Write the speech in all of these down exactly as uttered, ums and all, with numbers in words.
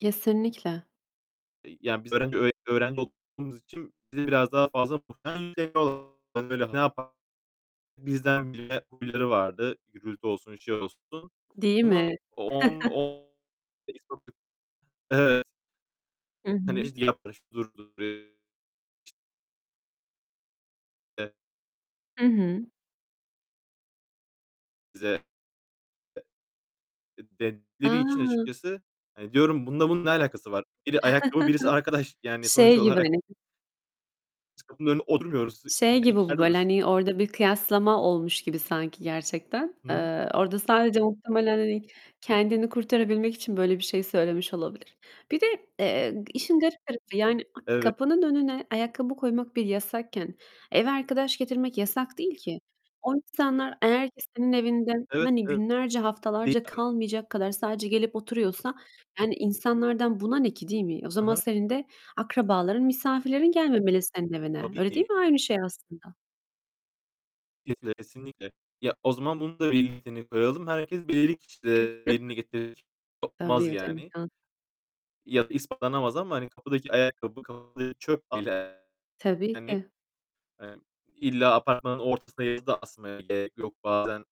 Kesinlikle. Yani biz [unintelligible] öğrenci olduğumuz için bize biraz daha fazla [unintelligible] Bizden [unintelligible] vardı. Değil mi? [unintelligible] Evet. Hı Hani hı. [unintelligible] [unintelligible] Hı hı. Bize Dedikleri için A! açıkçası, hani, diyorum bununla bunun ne alakası var? Biri ayakkabı, birisi arkadaş yani sonuç Şey gibi olarak. hani Biz kapının önünde oturmuyoruz. Şey gibi bu böyle, [unintelligible] hani, orada bir kıyaslama olmuş gibi sanki gerçekten. Hı hı. Eee, orada sadece muhtemelen, hani, kendini kurtarabilmek için böyle bir şey söylemiş olabilir. Bir de, eee, işin garip tarafı, yani, Evet. kapının önüne ayakkabı koymak bir yasakken eve arkadaş getirmek yasak değil ki. O insanlar eğer ki senin evinde, Evet. hani, günlerce, haftalarca [unintelligible] kalmayacak kadar sadece gelip oturuyorsa, yani, insanlardan buna ne ki, değil mi? O Hı zaman hı. senin de akrabaların, misafirlerin gelmemeli senin evine. Tabii Öyle değil ki. mi? Aynı şey aslında. Kesi kesinlikle. Ya o zaman bunun da bir limitini koyalım. Herkes belirli [unintelligible] sokmaz yani. [unintelligible] Ya da ispatlanamaz ama hani kapıdaki ayakkabı, kapıdaki çöp bile Tabii yani. ki. İlla apartmanın ortasına yazı da asmaya gerek yok. Bazen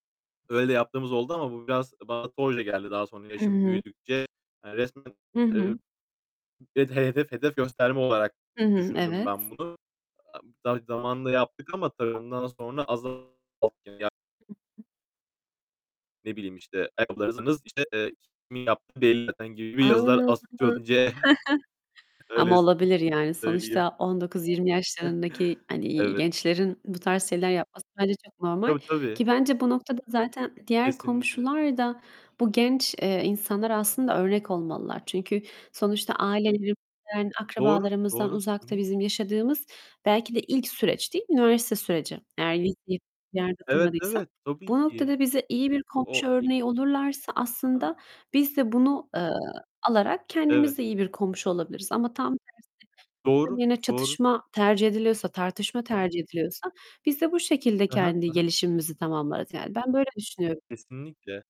öyle de yaptığımız oldu ama bu biraz bana [unintelligible] geldi daha sonra Hı yaşım hı. büyüdükçe. Eee, resmen Hı hı. [unintelligible] hedef hedef gösterme olarak Hı hı, düşündüm ben evet. bunu. [unintelligible] Zamanında yaptık ama tabii ondan sonra [unintelligible] Ne bileyim, işte, ayakkabılarınız, işte, kimin yaptığı belli zaten gibi A! yazılar asılıyordu önce. Ama Öyle olabilir. Yani, söyleyeyim. sonuçta on dokuz yirmi yaşlarındaki, hani, Evet. gençlerin bu tarz şeyler yapması bence çok normal. Tabii, tabii. Ki bence bu noktada zaten diğer Kesinlikle. komşular da bu genç, eee, insanlara aslında örnek olmalılar. Çünkü sonuçta ailelerimizden, Doğru, akrabalarımızdan doğru. Hı uzakta hı. bizim yaşadığımız belki de ilk süreç, değil mi? Üniversite süreci. Eğer liseyi başka bir yerde Evet, okumadıysak. evet, tabii Bu ki. noktada bize iyi bir komşu O [unintelligible] örneği olurlarsa Hı hı. aslında biz de bunu, eee, alarak Evet. kendimiz de iyi bir komşu olabiliriz. Ama tam tersi, bunun Doğru, yerine doğru. çatışma tercih ediliyorsa, tartışma tercih ediliyorsa biz de bu şekilde Hı hı, kendi hı hı. gelişimimizi tamamlarız. Yani, ben böyle düşünüyorum. Kesinlikle.